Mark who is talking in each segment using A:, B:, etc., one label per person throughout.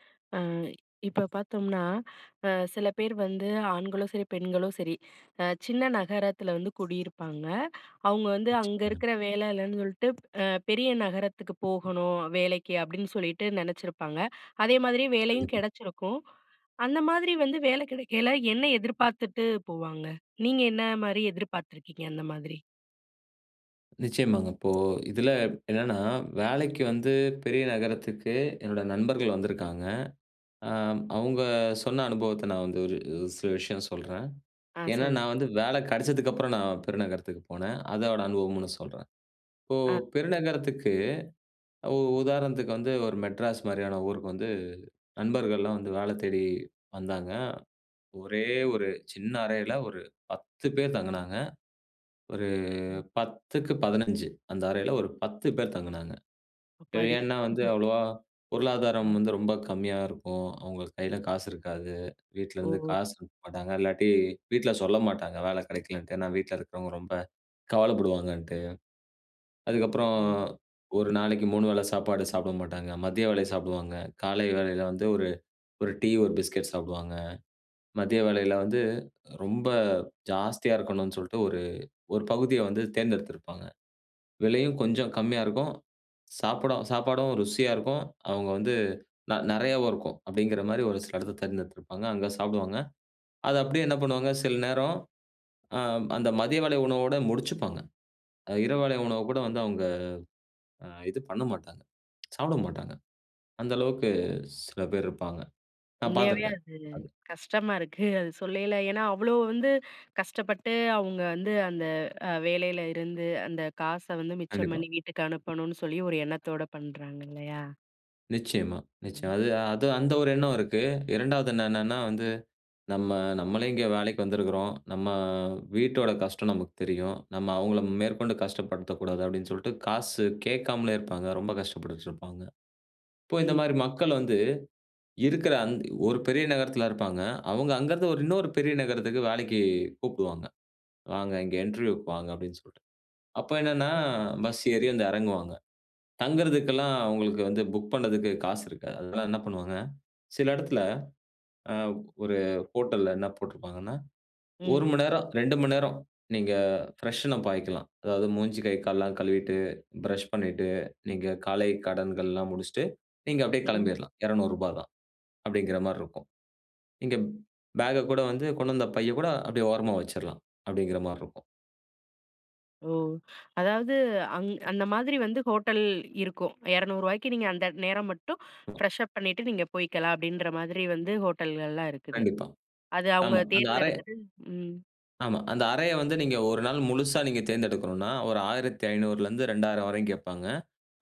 A: அ இப்ப பார்த்தோம்னா, அ சில பேர் வந்து ஆண்களும் சரி, பெண்களும் சரி, அ சின்ன நகரத்துல வந்து குடியிருப்பாங்க. அவங்க வந்து அங்க
B: நிச்சயமா.
A: இருக்குற வேல இல்லன்னு சொல்ட்டு அ பெரிய நகரத்துக்கு போகணும் வேலைக்கு, அப்டின்னு சொல்லிட்டு நெனச்சிருப்பாங்க. அதே மாதிரி வேலையும்
B: கண்டிப்பா.
A: கிடைச்சிருக்கும். அந்த மாதிரி வந்து வேல கெடைக்கைல என்ன எதிர்பார்த்துட்டு போவாங்க? நீங்க என்ன மாரி எதிர்பார்த்துருக்கீங்க, அந்த மாதிரி?
B: நிச்சயமாங்க. இப்போ இதுல என்னன்னா, வேலைக்கு வந்து பெரிய நகரத்துக்கு என்னோட நண்பர்கள் வந்துருக்காங்க. அ அவங்க சொன்ன அனுபவத்த நான் வந்து ஒரு ஒரு சில விஷயம் சொல்றேன்.
A: ஆ.
B: ஏனா,
A: சொல்லு
B: நான் வந்து வேல கிடச்சதுக்கு அப்புறம் நான் பெருநகரத்துக்கு போனே. அதோட அனுபவம்மு நான் சொல்றேன். இப்போ
A: ஆ [unintelligible]
B: பெருநகரத்துக்கு உ உதாரணத்துக்கு வந்து ஒரு மெட்ராஸ் மாரியான ஊருக்கு வந்து நண்பர்கள்லாம் வந்து வேல தேடி வந்தாங்க. ஒரே ஒரு சின்ன அறையில, ஒரு 10 பேர் தங்குனாங்க. ஒரு
A: ம்.
B: 10 க்கு 15 அந்த அறையில ஒரு 10 பேர் தங்குனாங்க. ஏ
A: அப்பாடி!
B: ஏனா, வந்து அவ்ளோவா பொருளாதாரம்
A: ம்.
B: வந்து ரொம்ப கம்மியா இருக்கும். அவங்க கையில காசு இருக்காது. வீட்ல இருந்து
A: ஒஹோ.
B: காசு அனுப்ப மாட்டாங்க. இல்லாட்டி வீட்ல சொல்ல மாட்டாங்க, வேல கிடைக்கலன்ட்டு. ஏனா, வீட்ல இருக்கிறவங்க ரொம்ப கவலைப்படுவாங்கன்ட்டு. அதுக்கப்புறம்
A: ம்
B: ஒரு நாளைக்கு 3 வேள சாப்பாடு சாப்ட மாட்டாங்க. மதிய வேளை சாப்டுவாங்க. காலை வேளையில வந்து ஒரு ஒரு டீ, ஒரு பிஸ்கட் சாப்டுவாங்க. மதிய வேளையில வந்து ரொம்ப ஜாஸ்தியா இருக்கணும்னு சொல்ட்டு ஒரு ஒரு பகுதிய வந்து தேர்ந்தெடுத்திருப்பாங்க. விலையும் கொஞ்சம் கம்மியா இருக்கும். சாப்டும் சாப்பாடும் ருசியா இருக்கும். அவங்க வந்து ந நெறையாவும் இருக்கும். அப்டிங்கிற மாரி ஒரு சில இடத்த தேர்ந்தெடுத்திருப்பாங்க. அங்க சாப்டுவாங்க. அத அப்டியே என்ன பண்ணுவாங்க? சில நேரம் ஆ. அந்த மதிய வேளை உணவோட முடிச்சுப்பாங்க. இரவுவேளை உணவு கூட வந்து அவங்க அ இது பண்ண மாட்டாங்க. சாப்ட மாட்டாங்க. அந்த அளவுக்கு சில பேர் இருப்பாங்க. நான்
A: உண்மையாவே
B: பார்த்திருக்கேன்.
A: அது
B: அது.
A: கஷ்டமா இருக்கு அது சொல்லையில. ஏனா, அவ்ளோ வந்து கஷ்டப்பட்டு அவங்க வந்து, அந்த அ வேலையில இருந்து, அந்த காச வந்து மிச்சம்
B: கண்டிப்பா.
A: பண்ணி வீட்டுக்கு அனுப்பணும்னு சொல்லி ஒரு எண்ணத்தோட பண்றாங்க இல்லையா?
B: நிச்சியமா,
A: ம்.
B: நிச்சியமா. அது அது அந்த ஒரு எண்ணம் இருக்கு. 2வது என்னன்னா வந்து, "நம்ம நம்மளே இங்கே வேலைக்கு வந்துருக்குறோம். நம்ம வீட்டோட கஷ்டம் நமக்கு தெரியும். நம்ம அவுங்கள மேற்கொண்டு கஷ்டப்படுத்த கூடாது." அப்டின்னு சொல்ட்டு, காசு கேக்காமலே இருப்பாங்க. ரொம்ப கஷ்டப்பட்டுட்டுருப்பாங்க. இப்போ இந்த
A: ம்.
B: மாரி மக்கள் வந்து, இருக்குற அந் ஒரு பெரிய நகரத்துல இருப்பாங்க. அவங்க அங்கருந்து ஒரு இன்னொரு பெரிய நகரத்துக்கு வேலைக்கு கூப்டுவாங்க, “வாங்க இங்க இன்டர்வியூக்கு வாங்க” அப்டின்னு சொல்ட்டு. அப்ப என்னன்னா,
A: ம்.
B: பஸ் ஏறி வந்து இறங்குவாங்க. தங்குறதுக்கெல்லாம் அவுங்களுக்கு வந்து புக் பண்ணதுக்கு காசு இருக்காது. அது தான் என்ன பண்ணுவாங்க, சில இடத்துல அ
A: ம்.
B: ஒரு ஹோட்டல்ல என்ன போட்ருப்பாங்கன்னா, 1
A: ம்.
B: மணி நேரம், 2 மணி நேரம் நீங்க பிரஷ்ன் அப் பாய்க்கலாம். அதாவது, மூஞ்சி, கை, கால்லாம் கழுவிட்டு, பிரஷ் பண்ணிட்டு, நீங்க காலை கடன்கள்லாம் முடிச்ட்டு, நீங்க அப்டியே
A: ம்.
B: கிளம்பிர்லாம். ரூ.200. அப்டிங்கிற மார்ருக்கும். நீங்க பேக கூட வந்து கொண்டு வந்த பைய கூட அப்டியே ஓரமா வச்சிரலாம் அப்டிங்கிற மார்ருக்கும்.
A: ஓ அதாவது, அங் அந்த மாதிரி வந்து ஹோட்டல் இருக்கும். ரூ.200 நீங்க அந்த நேரம் மட்டும்
B: [unintelligible]
A: ஃப்ரெஷ் அப் பண்ணிட்டு நீங்க போயிக்கலாம், அப்டின்ற மாதிரி வந்து ஹோட்டல்கள்லாம் இருக்குது.
B: கண்டிப்பா,
A: அது அவுங்க
B: ஆமா. அந்த அறை
A: தேர்ந்தெடுத்துட்டு ம்.
B: ஆமா. அந்த அறைய வந்து நீங்க ஒரு நாள் முழுசா நீங்க தேர்ந்தெடுக்கணுன்னா, ஒரு 1500ல இருந்து 2000 வரையும் கேட்பாங்க.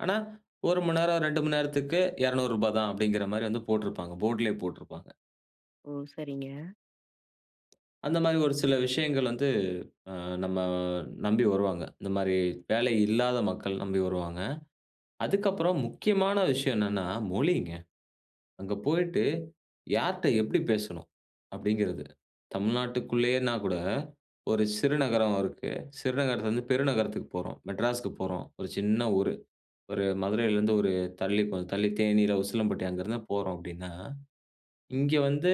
B: ஆனா 1 மணி நேரம், 2 மணி நேரத்துக்கு 200 ரூபா தான் அப்டிங்கிறமாரி வந்து போட்டுருப்பாங்க போர்ட்லயே போட்டுருப்பாங்க.
A: ஓ! சரிங்க.
B: அந்தமாரி ஒரு சில விஷயங்கள் வந்து அ நம்ம நம்பி வருவாங்க. இந்தமாரி வேலை இல்லாத மக்கள் நம்பி வருவாங்க. அதுக்கப்புறம்
A: ம்.
B: முக்கியமான விஷயம் என்னன்னா, மொழிங்க. அங்க போயிட்டு, யார்ட்ட எப்டி பேசணும்? அப்டிங்கிறது. தமிழ்நாட்டுக்குள்ளேயேன்னா கூட 1 சிறு நகரம் இருக்கு. சிறு நகரத்தில இருந்து பெரு நகரத்துக்கு போறோம். மெட்ராஸ்க்கு போறோம். 1 சின்ன ஊரு. ஒரு மதுரையில இருந்து ஒரு தள்ளி கொஞ்சம் தள்ளி தேனீ இல்ல உசிலம்பட்டி அங்கருந்துதான் போறோம் அப்டின்னா, இங்க வந்து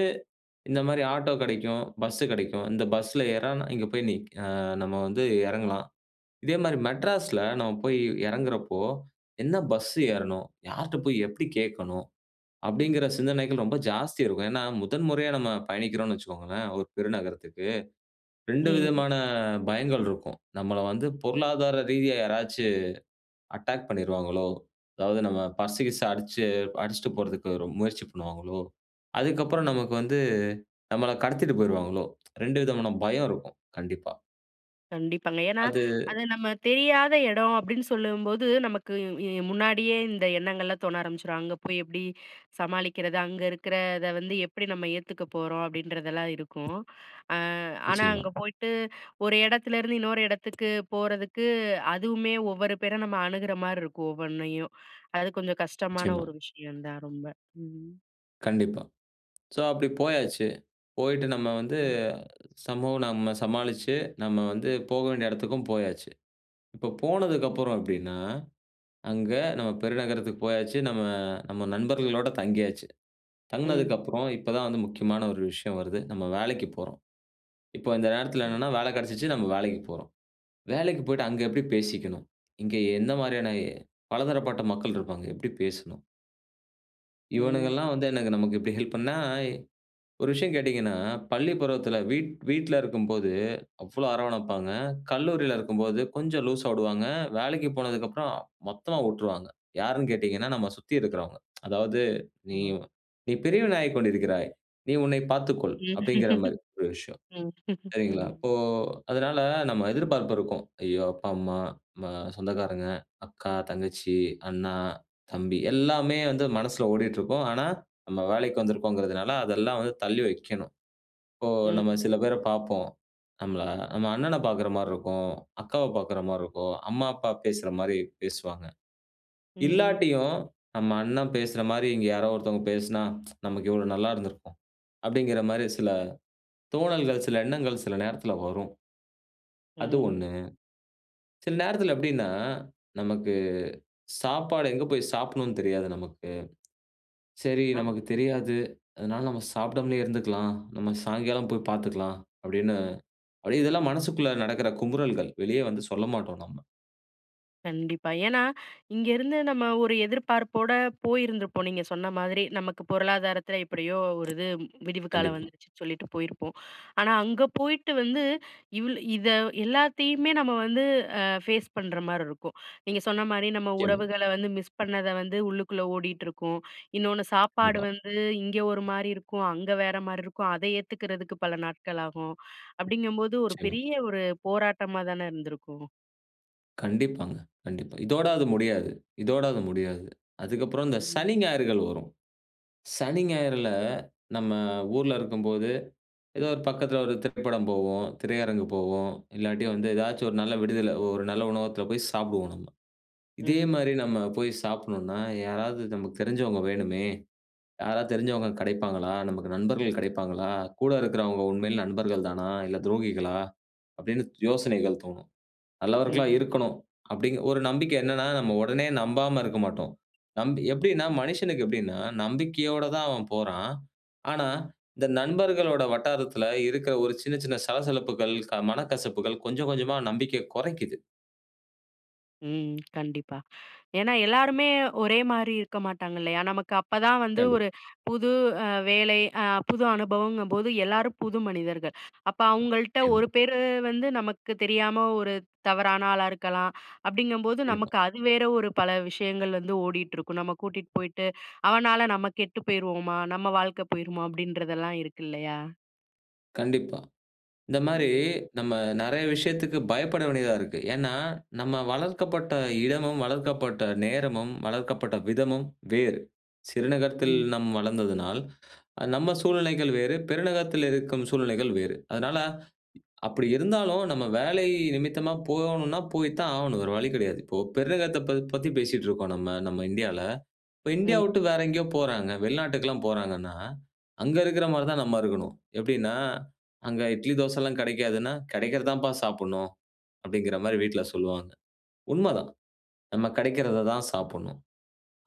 B: இந்தமாரி ஆட்டோ கடைக்கும். பஸ் கடைக்கும். இந்த பஸ்ல ஏறுனா இங்க போய் நிக் அ நம்ம வந்து எறங்கலாம். இதே மாரி மெட்ராஸ்ல நம்ம போய் எறங்குறப்போ, என்ன பஸ் ஏறணும்? யார்ட்ட போய் எப்டி கேட்கணும்? அப்டிங்கற சிந்தனைகள் ரொம்ப ஜாஸ்தி இருக்கும். ஏன்னா, முதன் முறையா நம்ம பயணிக்கிறோன்னு வச்சுக்கோங்களேன்! ஒரு பெரு நகரத்துக்கு. 2
A: ம்.
B: விதமான பயங்கள் இருக்கும். நம்மள வந்து பொருளாதார ரீதியா யாராச்சும் அட்டாக் பண்ணிருவாங்களோ! அதாவது நம்ம பர்ஸ் கீஸ்ஸூ அடிச்சு அடிச்சுட்டு போறதுக்கு ரொ முயற்சி பண்ணுவாங்களோ! அதுக்கு அப்புறம்
A: ம்.
B: நமக்கு வந்து நம்மள கடத்திட்டு போயிருவாங்களோ! ரெண்டு விதமான பயம் இருக்கும். கண்டிப்பா
A: கண்டிப்பாங்க. ஏன்னா,
B: அது.
A: அது நம்ம தெரியாத இடம் அப்படின்னு சொல்லும்போது நமக்கு இ முன்னாடியே இந்த எண்ணங்கள்லாம் தோண ஆரம்பிச்சுரும். அங்க போய் எப்படி சமாளிக்கிறது? அங்க இருக்கிறத வந்து எப்படி நம்ம ஏத்துக்க போறோம் அப்படின்றதெல்லாம் இருக்கும். அ ஆனா,
B: நிச்சயமா.
A: அங்க போயிட்டு, ஒரு இடத்துலேருந்து இன்னொரு இடத்துக்கு போறதுக்கு அதுவுமே ஒவ்வொரு பேர நம்ம அணுகிற மாரி இருக்கும், ஒவ்வொண்ணையும். அது கொஞ்சம் கஷ்டமான
B: நிச்சயமா.
A: ஒரு விஷயம் தான் ரொம்ப. ம்.
B: கண்டிப்பா. ஸோ அப்படி போயாச்சு. போயிட்டு நம்ம வந்து,
A: ம்.
B: சமூகம் நம்ம சமாளிச்சு, நம்ம வந்து போக வேண்டிய இடத்துக்கும் போயாச்சு. இப்போ போனதுக்கப்புறம் எப்படின்னா? அங்க நம்ம பெருநகரத்துக்கு போயாச்சு. நம்ம நம்ம, நண்பர்களோடு தங்கியாச்சு.
A: ம்.
B: தங்குனதுக்கப்புறம், இப்ப தான் வந்து முக்கியமான ஒரு விஷயம் வருது. நம்ம வேலைக்குப் போறோம்! இப்ப இந்த நேரத்தில
A: ம்.
B: என்னன்ன வேலை கிடைச்சிச்சு, நம்ம வேலைக்குப் போறோம். வேலைக்கு போய்ட்டு அங்க எப்படி பேசிக்கணும்? இங்கே எந்த மாதிரியான, பலதரப்பட்ட மக்கள் இருப்பாங்க, எப்படி பேசணும்?
A: ம்.
B: இவனுங்கெல்லாம் வந்து எனக்கு நமக்கு இப்படி ஹெல்ப் பண்ணா, ஒரு விஷயம் கேட்டீங்கன்னா, பள்ளி பருவத்தில வீட் வீட்டில இருக்கும்போது அவ்வளவு அரவணைப்பாங்க. கல்லூரில இருக்கும்போது கொஞ்சம் லூஸ்ஸா விடுவாங்க. வேலைக்கு போனதுக்கு அப்புறம் மொத்தமா விட்டுருவாங்க. யார்ன்னு கேட்டீங்கன்னா, நம்ம சுத்தி இருக்கிறவங்க. அதாவது நீ
A: அ.
B: "நீ பெரியவனாகிக் கொண்டிருக்கிறாய். நீ உன்னை பார்த்துக்கொள்" அப்படிங்கிற
A: ம்,
B: மாரி ஒரு விஷயம். சரிங்களா.
A: ம்.
B: இப்போ அதனால நம்ம எதிர்பார்ப்பு இருக்கும். ஐயோ அப்பா, அம்மா ம சொந்தக்காரங்க, அக்கா, தங்கச்சி, அண்ணா, தம்பி எல்லாமே வந்து மனசுல ஓடிட்டுருக்கும். ஆனா, நம்ம வேலைக்கு வந்திருக்கோம்ங்கிறதுனால அதெல்லாம் வந்து தள்ளி வைக்கணும். இப்போ நம்ம
A: ம்.
B: சில பேர பார்ப்போம். நம்மள நம்ம அண்ணனப் பார்க்கிற மாரி இருக்கும், அக்காவ பார்க்கிற மாரி இருக்கும். அம்மா, அப்பா பேசுற மாரி, பேசுவாங்க.
A: ம்.
B: இல்லாட்டியும் நம்ம அண்ணன் பேசுற மாரி இங்க யாரோ ஒருத்தவங்க பேசினா, நமக்கு எவ்ளோ நல்லா இருந்திருக்கும். அப்படிங்கிற மாரி சில தோணல்கள், சில எண்ணங்கள், சில நேரத்துல வரும். அது
A: ம்.
B: 1 சில நேரத்தில எப்படின்னா, நமக்கு, சாப்பாடு எங்க போய் சாப்பிடனும்ன்னு தெரியாது நமக்கு. சரி
A: அ.
B: நமக்கு தெரியாது. அதனால நாம சாப்பிடாமலே இருந்துக்கலாம். நம்ம சாயங்காலம் போய் பார்த்துக்கலாம். அப்படின்னு அப்படியே இதெல்லாம் மனசுக்குள்ளே நடக்கிற குமுறல்கள். வெளிய வந்து சொல்லமாட்டோம் நம்ம.
A: கண்டிப்பா. ஏனா, இங்கேருந்து நம்ம ஒரு எதிர்பார்ப்போட போயிருந்துருப்போம், நீங்க சொன்ன மாதிரி. நமக்கு பொருளாதாரத்துல எப்டியோ ஒரு இது விடிவு காலம்
B: கண்டிப்பா.
A: வந்துடுச்சுன்னு சொல்லிட்டு போயிருப்போம். ஆனா, அங்க போயிட்டு வந்து இவ்ளு இத எல்லாத்தையுமே நம்ம வந்து அ ஃபேஸ் பண்ற மாரி இருக்கும். நீங்க சொன்ன மாரி நம்ம
B: நிச்சயமா.
A: உறவுகள வந்து மிஸ் பண்ணத வந்து உள்ளுக்குள்ள ஓடிட்டுருக்கும். இன்னொன்னு சாப்பாடு
B: கண்டிப்பா.
A: வந்து இங்க ஒரு மாரி இருக்கும். அங்க வேற மாரி இருக்கும். அத ஏத்துக்கறதுக்கு பல நாட்கள் ஆகும். அப்டிங்கும்போது, ஒரு
B: நிச்சயமா.
A: பெரிய ஒரு போராட்டமா தான இருந்திருக்கும்.
B: கண்டிப்பாங்க, கண்டிப்பா. இதோட அது முடியாது. இதோட அது முடியாது. அதுக்கப்புறம் இந்த
A: ம்.
B: சனி, ஞாயிறுகள் வரும். சனி, ஞாயிறுல நம்ம ஊர்ல இருக்கும்போது, ஏதோ ஒரு பக்கத்துல ஒரு திரைப்படம் போவோம், திரையரங்கு போவோம். இல்லாட்டி வந்து ஏதாச்சும் ஒரு நல்ல விடுதியில ஒரு நல்ல உணவகத்துல போய் சாப்டுவோம் நம்ம. இதே
A: ம்.
B: மாரி நம்ம போய் சாப்டணுனா, 'யாராவது நமக்கு தெரிஞ்சவங்க வேணுமே. யாராவது தெரிஞ்சவங்க கிடைப்பாங்களா நமக்கு நண்பர்கள் கிடைப்பாங்களா, கூட இருக்கிறவங்க உண்மையில நண்பர்கள் தானா இல்ல, துரோகிகளா?' அப்டின்னு யோசனைகள் தோணும். நல்லவர்களா
A: ம்.
B: இருக்கணும் அப்டிங்கிற, ஒரு நம்பிக்கை. என்னனா, நம்ம உடனே நம்பாம இருக்க மாட்டோம். நம்பி
A: ஓ!
B: எப்டின்னா மனிஷனுக்கு எப்டின்னா நம்பிக்கையோட தான் அவன் போறான். ஆனா, இந்த நண்பர்களோட வட்டாரத்துல இருக்கிற ஒரு சின்ன சின்ன சலசலப்புகள், மனக்கசப்புகள் கொஞ்சம் கொஞ்சமா நம்பிக்கைய குறைக்கிது.
A: ம். கண்டிப்பா. ஏன்னா எல்லாருமே ஒரே மாரி இருக்க மாட்டாங்க இல்லையா? நமக்கு அப்பதான் வந்து
B: கண்டிப்
A: ஒரு புது அ வேலை, அ புது அனுபவங்கும்போது எல்லாரும் புது மனிதர்கள். அப்ப அவங்கள்ட்ட
B: நிச்சயமா.
A: ஒரு பேரு வந்து நமக்கு தெரியாம ஒரு தவறான ஆளா இருக்கலாம். அப்டிங்கும்போது
B: கண்டிப்பா.
A: நமக்கு அது வேற ஒரு பல விஷயங்கள் வந்து ஓடிட்டுருக்கும். நம்ம கூட்டிட்டு போயிட்டு அவனால நம்ம கெட்டு போயிருவமா? நம்ம வாழ்க்கை போயிருமா? அப்டின்றதெல்லாம் இருக்கு இல்லையா?
B: கண்டிப்பா. இந்த மாரி
A: ம்.
B: நம்ம நெறைய விஷயத்துக்கு பயப்பட வேண்டியதா இருக்கு. ஏன்னா நம்ம வளர்க்கப்பட்ட இடமும், வளர்க்கப்பட்ட நேரமும், வளர்க்கப்பட்ட விதமும் வேறு. சிறுநகரத்தில்
A: ம்.
B: நம் வளர்ந்ததுனால், நம்ம சூழ்நிலைகள் வேறு, பெருநகரத்தில் இருக்கும் சூழ்நிலைகள் வேறு. அதனால அப்படி இருந்தாலும் நம்ம வேலை நிமித்தமா போகணும்னா, போய் தான் ஆகணும் வேற வழி கிடையாது. இப்போ பெருநகத்த பத்தி பேசிட்டு இருக்கோம் நம்ம நம்ம இந்தியால. இப்போ இந்தியாவ
A: ம்.
B: விட்டு வேற எங்கேயோ போறாங்க. வெளிநாட்டுக்கெல்லாம் போறாங்கன்னா, அங்க இருக்கிற மாதிரி தான் நம்ம இருக்கணும். எப்டின்னா, அங்க இட்லி தோசை எல்லாம் கெடைக்காதுன்னா, "கெடைக்கிறது தான்ப்பா சாப்பிடணும்." அப்டிங்கிற மாதிரி வீட்ல சொல்வாங்க. உண்மதான். நம்ம கெடைக்கிறத தான்
A: ம்.
B: சாப்பிடணும்.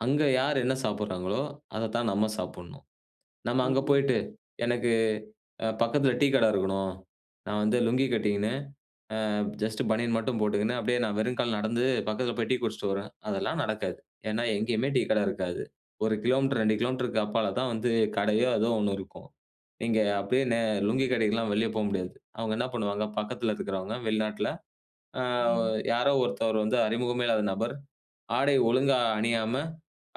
B: அங்க யார் என்ன சாப்பிடுறாங்களோ, அத தான் நம்ம சாப்டணும். நம்ம அங்க
A: ம்.
B: போயிட்டு, எனக்கு அ பக்கத்தில டீ கட இருக்கணும். நான் வந்து லுங்கி கட்டிக்கின்னு, அ ஜஸ்ட் பனியன் மட்டும் போட்டுகின்னு, அப்டியே நான் வெறும் கால்ல நடந்து, பக்கத்தில போய் டீ குடிச்சிட்டு வரேன் அதெல்லாம் நடக்காது. ஏன்னா, எங்கேயுமே டீ கட இருக்காது 1 கிலோமீட்டர், 2 கிலோமீட்டருக்கு அப்பால தான் வந்து கடையோ ஏதோ ஒண்ணு இருக்கும். இங்க அப்டியே நே லுங்கி கட்டிக்கிட்டுலாம் வெளிய போ முடியாது. அவங்க என்ன பண்ணுவாங்க? பக்கத்தில இருக்கிறவங்க வெளிநாட்டில. "ஆ
A: ம்.
B: யாரோ ஒருத்தவர் வந்து அறிமுகமே இல்லாத நபர், ஆடை ஒழுங்கா அணியாம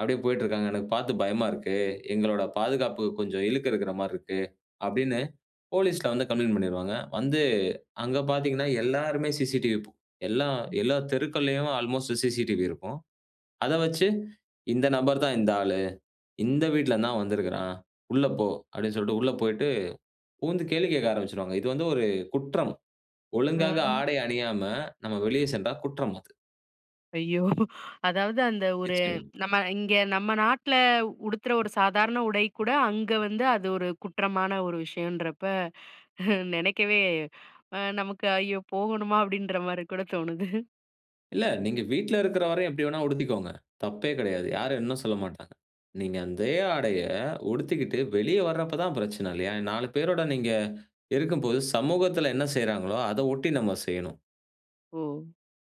B: அப்டியே போய்ட்டு இருக்காங்க. எனக்கு பார்த்து பயமா இருக்கு. எங்களோட பாதுகாப்புக்கு கொஞ்சம் இழுக்கு இருக்குற மாரி இருக்கு." அப்டின்னு போலீஸ்ல வந்து கம்ப்ளெயிண்ட் பண்ணிடுவாங்க. வந்து அங்கே பார்த்தீங்கன்னா, எல்லாருமே சிசிடிவி எல்லாம்
A: ம்.
B: எல்லா தெருக்கள்லயும் அல்மோஸ்ட் சிசிடிவி இருக்கும். அத வச்சு இந்த நபர் தான் இந்த ஆளு. இந்த வீட்டல இருந்துதான் வந்திருக்குறான். "உள்ள போ" அப்டின்னு சொல்ட்டு உள்ள போயிட்டு புகுந்து கேள்வி கேட்க ஆரம்பிச்சுடுவாங்க. இது வந்து ஒரு குற்றம். ஒழுங்காக
A: அ.
B: ஆடை அணியாம நம்ம வெளிய சென்றா குற்றம் அது.
A: ஐயோ! அதாவது அந்த ஒரு
B: நிச்சயமா.
A: நம்ம இங்க நம்ம நாட்ல உடுத்துற ஒரு சாதாரண உடை கூட, அங்க வந்து அது ஒரு குற்றமான ஒரு விஷயம்ன்றப்ப நெனைக்கவே நமக்கு ஐயோ! போகணுமா? அப்டின்ற மாரி கூட தோணுது.
B: இல்ல. நீங்க வீட்ல இருக்குற வரயும் எப்டிவேணா உடுத்திக்கோங்க. தப்பே கெடையாது,
A: ம்.
B: யாரும் என்ன சொல்ல மாட்டாங்க. நீங்க அந்தே ஆடைய உடுத்திக்கிட்டு வெளிய வரப்ப தான் பிரச்சன இல்லயா? நாலு பேரோட நீங்க இருக்கும்போது, சமூகத்துல என்ன செய்றாங்களோ, அத ஒட்டி நம்ம செய்யணும்.
A: ஓ!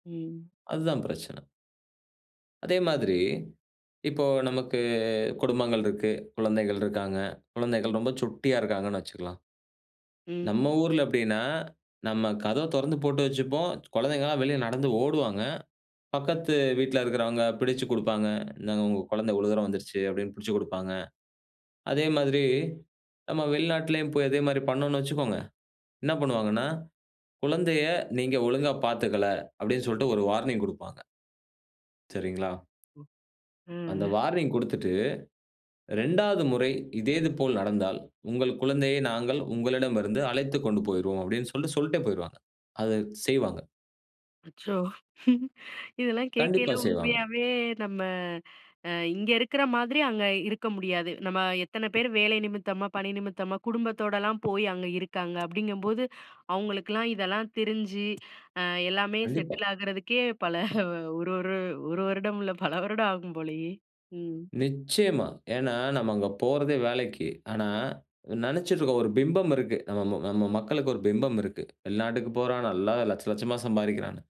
A: ம்.
B: அதுதான் பிரச்சன. அதே மாதிரி இப்போ நமக்கு, குடும்பங்கள் இருக்கு, குழந்தைகள் இருக்காங்க, குழந்தைகள் ரொம்ப சுட்டியா இருக்காங்கன்னு வச்சுக்கலாம்.
A: ம்.
B: நம்ம ஊர்ல எப்டினா, நம்ம கதவ திறந்து போட்டு வைச்சுப்போம். குழந்தைகள்லாம் வெளிய நடந்து, ஓடுவாங்க. பக்கத்து வீட்ல இருக்குறவங்க பிடிச்சுக் கொடுப்பாங்க. "இந்தாங்க உங்க குழந்த இவ்வளோ தூரம் வந்துருச்சு," அப்டினு பிடிச்சுக் குடுப்பாங்க. அதே மாதிரி, நம்ம வெளிநாட்டிலையும் போய் அதே மாரி பண்ணோம்னு வச்சுக்கோங்க, என்ன பண்ணுவாங்கன்னா, "குழந்தைய நீங்க ஒழுங்கா பாத்துக்கல" அப்டின்னு சொல்ட்டு ஒரு வார்னிங் குடுப்பாங்க. சரிங்களா?
A: ம்.
B: அந்த
A: ம்.
B: வார்னிங் கொடுத்துட்டு, "2ஆவது முறை இதேது போல் நடந்தால், உங்கள் குழந்தையை நாங்கள் உங்களிடமிருந்து அழைத்துக் கொண்டு போயிருவோம்" அப்டின்னு சொல்ட்டு சொல்ட்டே போயிருவாங்க. அது செய்வாங்க.
A: அச்சோ! இதெல்லாம் கேக்கயில
B: கண்டிப்பா செய்வாங்க.
A: உண்மையாவே நம்ம அ இங்க இருக்கிற மாதிரி அங்க இருக்க முடியாது. நம்ம எத்தன பேரு வேலை நிமித்தமா, பணி நிமித்தமா, குடும்பத்தோடலாம் போயி அங்க இருக்காங்க அப்டிங்கம்போது, அவுங்களுக்கெல்லாம் இதெல்லாம் தெரிஞ்சு, அ எல்லாமே
B: கண்டிப்பா.
A: செட்டில் ஆகுறதுக்கே பல, ஒரு ஒரு ஒரு வருடம் இல்ல, பல வருடம் ஆகும் போலயே! ம்.
B: நிச்சயமா. ஏன்னா நம்ம அங்க போறதே வேலைக்கு. ஆனா, நெனச்சிட்ருக்கோம் ஒரு பிம்பம் இருக்கு. நம்ம ம நம்ம மக்களுக்கு ஒரு பிம்பம் இருக்கு. வெளிநாட்டுக்கு போறான் நல்லா 1,00,000 1,00,000மா சம்பாரிக்கிறான்னு.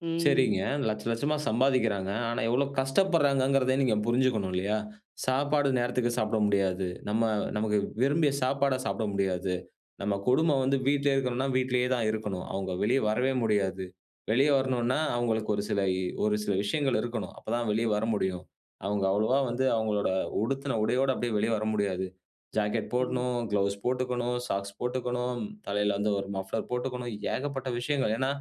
A: ம்.
B: சரிங்க, 1,00,000 1,00,000மா சம்பாதிக்கிறாங்க. ஆனா எவ்ளோ கஷ்டப்பட்றாங்கங்கிறத நீங்க புரிஞ்சுக்கணும் இல்லையா? சாப்பாடு நேரத்துக்கு சாப்ட முடியாது. நம்ம, நமக்கு விரும்பிய சாப்பாட சாப்ட முடியாது. நம்ம கொடும வந்து வீட்ல இருக்கணுன்னா, வீட்லயே தான் இருக்கணும். அவுங்க வெளிய வரவே முடியாது. வெளிய வரணுன்னா, அவுங்களுக்கு ஒரு சில இ ஒரு சில விஷயங்கள் இருக்கணும், அப்பதான் வெளிய வர முடியும். அவுங்க அவ்ளவா வந்து அவுங்களோட உடுத்துன உடையோட அப்டியே வெளிய வர முடியாது. ஜாக்கெட்
A: ம்.
B: போடணும், க்ளவுஸ் போட்டுக்கணும், சாக்ஸ் போட்டுக்கணும், தலைல வந்து ஒரு மஃப்ளர் போட்டுக்காணும், ஏகப்பட்ட விஷயங்கள். ஏன்னா,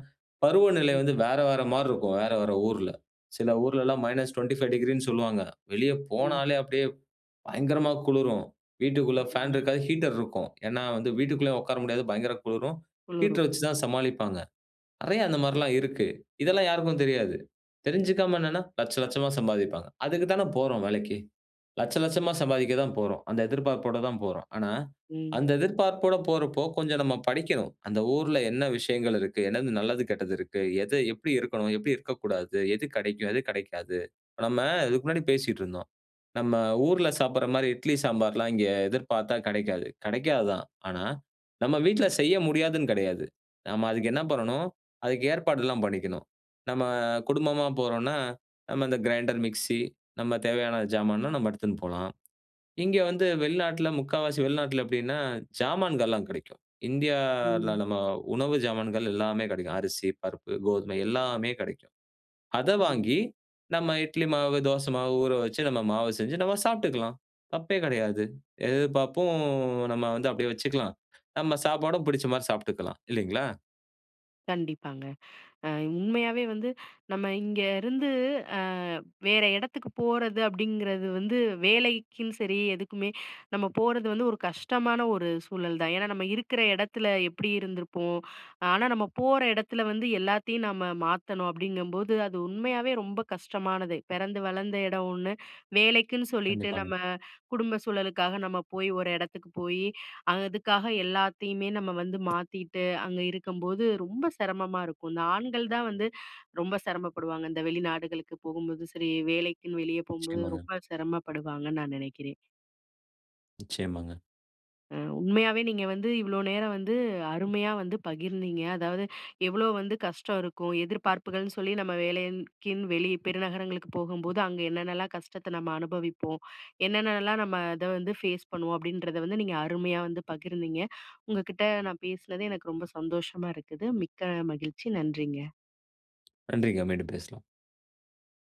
B: பருவநிலை
A: ம்.
B: வந்து வேற வேற மார்ருக்கும். வேற வேற ஊர்ல. சில ஊர்லலாம் எல்லாம் -25°ன்னு சொல்லுவாங்க, வெளிய
A: ம்.
B: போனாலே அப்டியே பயங்கரமா குளுரும். வீட்டுக்குள்ள ஃபேன்
A: ஆமாங்க.
B: இருக்காது, ஹீட்டர் இருக்கும். ஏன்னா வந்து வீட்டுக்குள்ளயும் உக்கார முடியாது, பயங்கரமா குளிரும்
A: குளுரும்,
B: ஹீட்டர் வச்சி
A: ம்.
B: தான் சமாளிப்பாங்க. நெறைய அந்த மாரில்லாம் இருக்கு. இதெல்லாம் யாருக்கும் தெரியாது. தெரிஞ்சுக்காம என்னன்னா, 1,00,000 1,00,000மா சம்பாதிப்பாங்க. அதுக்கு தானே போறோம் வேலைக்கு. 1,00,000 1,00,000மா சம்பாதிக்க தான் போறோம், அந்த எதிர்பார்ப்போட தான் போறோம். ஆனா,
A: ம்.
B: அந்த எதிர்பார்ப்போட போறப்போ கொஞ்சம் நம்ம படிக்கணும். அந்த ஊர்ல என்ன விஷயங்கள் இருக்கு, என்னது நல்லது, கெட்டது இருக்கு, எது எப்டி இருக்கணும், எப்டி இருக்கக்கூடாது, எது கெடைக்கும், எது கெடைக்காது. இப்ப நம்ம இதுக்கு முன்னாடி பேசிட்ருந்தோம். நம்ம ஊர்ல சாப்பிடுற மாரி இட்லி சாம்பார்லாம் இங்கே எதிர்பாத்தா கெடைக்காது. கெடைக்காது தான். ஆனா, நம்ம வீட்ல
A: ம்.
B: செய்ய முடியாதுன்னு கெடையாது. நம்ம அதுக்கு என்ன பண்ணணும், அதுக்கு ஏற்பாடுலாம் பண்ணிக்கணும். நம்ம குடும்பமா போறோன்னா நம்ம இந்த கிரைண்டர், மிக்ஸி நம்ம தேவையான ஜாமான்லாம் நம்ம எடுத்துன் போலாம். இங்க வந்து வெளிநாட்ல முக்காவாசி வெளிநாட்ல எப்டின்னா, ஜாமான்கள்லாம் கிடைக்கும் இண்டியால
A: ம்.
B: நம்ம உணவு ஜாமான்கள் எல்லாமே கெடைக்கும். அரிசி, பருப்பு, கோதுமை எல்லாமே கெடைக்கும். அத
A: ஆமா.
B: வாங்கி, நம்ம இட்லி மாவு, தோச மாவு ஊறவச்சு, நம்ம மாவு செஞ்சு நம்ம சாப்ட்டுக்லாம். தப்பே கெடையாது. எதிர்பாப்பும் நம்ம வந்து அப்டியே வச்சுக்கலாம். நம்ம சாப்பாடும் பிடிச்ச மாரி சாப்ட்டுக்கலாம், இல்லிங்களா?
A: கண்டிப்பாங்க. அ உண்மையாவே வந்து நம்ம இங்கருந்து, அ வேற எடத்துக்கு போறது அப்டிங்கறது வந்து வேலைக்கும் சரி, எதுக்குமே நம்ம போறது வந்து ஒரு கஷ்டமான ஒரு சூழல் தான். ஏனா நம்ம இருக்குற இடத்துல எப்டி இருந்திருப்போம்? ஆனா நம்ம போற இடத்துல வந்து எல்லாத்தையும் நம்ம மாத்தணும் அப்டிங்கம்போது, அது உண்மையாவே ரொம்ப கஷ்டமானது. பெறந்து வளந்த இடம் ஒண்ணு, வேலைக்குன்னு சொல்லிட்டு
B: கண்டிப்பாங்க.
A: நம்ம குடும்ப சூழலுக்காக நம்ம போயி, ஒரு இடத்துக்கு போயி, அதுக்காக எல்லாத்தையுமே நம்ம வந்து மாத்தீட்டு அங்க இருக்கும்போது, ரொம்ப சிரமமா இருக்கும். இந்த ஆண்கள் தான் வந்து ரொம்ப சிரமப்படுவாங்க. இந்த வெளிநாடுகளுக்கு போகும்போது சரி, வேலைக்குன்னு வெளியே போகும்போது
B: நிச்சயமாங்க.
A: ரொம்ப சிரமப்படுவாங்கன்னு நான் நெனைக்கிறேன்.
B: நிச்சயமாங்க.
A: அ, உண்மையாவே நீங்க வந்து இவ்ளோ நேரம் வந்து, அருமையா வந்து பகிர்ந்தீங்க. அதாவது எவ்ளோ வந்து கஷ்டம் இருக்கும்? எதிர்பார்ப்புகள்னு சொல்லி நம்ம வேலைக்குன்னு, வெளிய பெருநகரங்களுக்கு போகும்போது அங்க என்னென்னலாம் கஷ்டத்த நம்ம அனுபவிப்போம்? என்னென்னலாம் நம்ம அத வந்து ஃபேஸ் பண்ணுவோம்? அப்டின்றத வந்து நீங்க அருமையா வந்து பகிர்ந்தீங்க. உங்க கிட்ட நான் பேசுனது எனக்கு ரொம்ப சந்தோஷமா இருக்குது, மிக்க மகிழ்ச்சி. நன்றிங்க.
B: நன்றிங்க. மீண்டும் பேசலாம்.